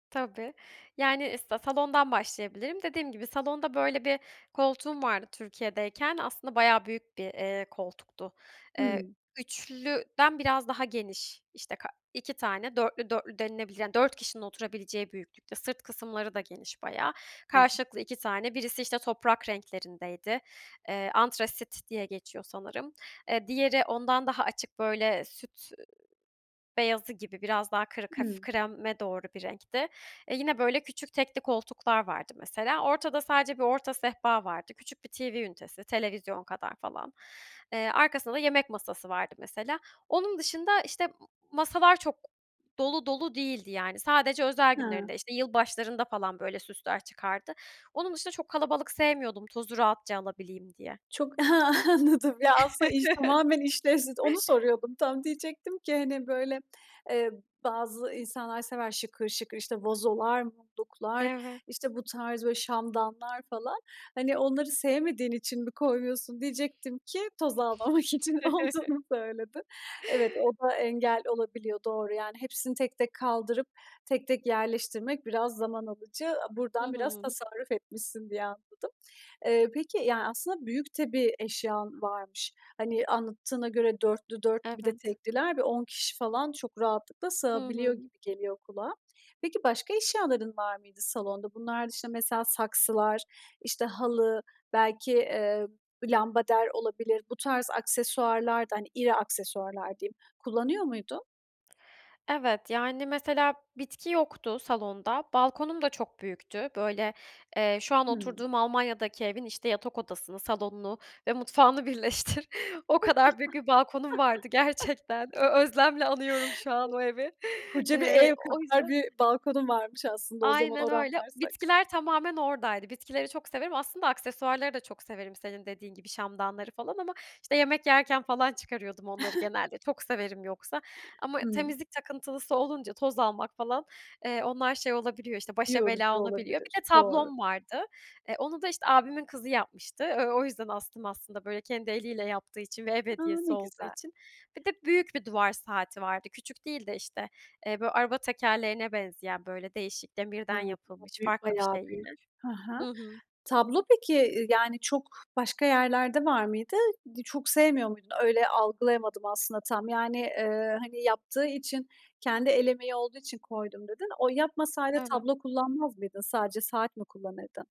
Tabii. Yani, es eee, salondan başlayabilirim. Dediğim gibi salonda, böyle bir koltuğum vardı Türkiye'deyken. Aslında bayağı büyük bir, eee, koltuktu. Eee, Hıı. 3'lüden biraz daha geniş, işte, ka 2 tane 4'lü 4'lü denilebilir. Yani 4 kişinin oturabileceği büyüklükte. Sırt kısımları da geniş bayağı. Evet. Karşılıklı 2 tane. Birisi işte toprak renklerindeydi. Eee, antrasit diye geçiyor sanırım. Eee, diğeri ondan daha açık böyle süt, üüü, beyazı gibi biraz daha kırık, hafif Hıı. kreme doğru bir renkti. E, yine böyle küçük tekli koltuklar vardı mesela. Ortada sadece bir orta sehpa vardı. Küçük bir TV ünitesi, televizyon kadar falan. Eee, arkasında da yemek masası vardı mesela. Onun dışında, işte, m masalar çok dolu dolu değildi yani. Sadece özel Ha günlerinde, işte, yılbaşlarında falan böyle süsler çıkardı. Onun dışında çok kalabalık sevmiyordum tozu rahatça alabileyim diye. Çok Anladım. Ya, aslında iş tamamen işlevsiz. Onu soruyordum. Tam diyecektim ki, "Hani böyle, eee, bazı insanlar sever şıkır şıkır, işte, vazolar, mumluklar, Eve işte, bu tarz böyle şamdanlar falan. Hani onları sevmediğin için mi koymuyorsun?" diyecektim ki toz almamak için olduğunu söyledin. Evet, o da engel olabiliyor, doğru. Yani hepsini tek tek kaldırıp, tek tek yerleştirmek biraz zaman alıcı. Hı Buradan biraz hı. tasarruf etmişsin diye anladım. Eee, peki, ya aslında büyük de bir eşyan varmış. Hani, anlattığına göre 4'lü 4'lü bir de Evet. tekliler ve 10 kişi falan çok rahatlıkla Hı sığabiliyor hı. gibi geliyor kulağa. Peki, başka eşyaların var mıydı salonda? Bunlar dışında mesela saksılar, işte halı, belki, eee, lambader olabilir. Bu tarz aksesuarlar da, hani iri aksesuarlar diyeyim, kullanıyor muydun? Evet, yani mesela bitki yoktu salonda, balkonum da çok büyüktü. Böyle, eee, şu an Hıı. oturduğum Almanya'daki evin, işte, yatak odasını, salonunu ve mutfağını birleştir. O kadar büyük bir balkonum vardı gerçekten. Ö özlemle anıyorum şu an o evi. Koca bir Eee, ev oysa kadar bir balkonun varmış aslında o zaman Aynen öyle. oranlarsak. Bitkiler tamamen oradaydı. Bitkileri çok severim. Aslında aksesuarları da çok severim senin dediğin gibi şamdanları falan ama işte, yemek yerken falan çıkarıyordum onları genelde. Çok severim yoksa ama Hıı. temizlik takıntılısı olunca toz almak falan, eee, onlar şey olabiliyor, işte, başa Yorucu bela olabiliyor. Bir olabilir. de Doğru. tablom vardı. E, onu da, işte, abimin kızı yapmıştı. E, o yüzden astım aslında, böyle, kendi eliyle yaptığı için ve ev A! Ne hediyesi olduğu güzel. için. Bir de büyük bir duvar saati vardı. Küçük değil de, işte, eee, böyle araba tekerleğine benzeyen, böyle, değişik Ha, demirden o yapılmış büyük farklı bir bayağı şey büyük yine. Hı hı. Hı hı. Tablo, peki, ııı, yani çok başka yerlerde var mıydı? Çok sevmiyor muydun? Öyle algılayamadım aslında tam. "Yani, eee, hani yaptığı için, kendi el emeği olduğu için koydum." dedin. O yapmasaydı Evet. tablo kullanmaz mıydın? Sadece saat mi kullanırdın?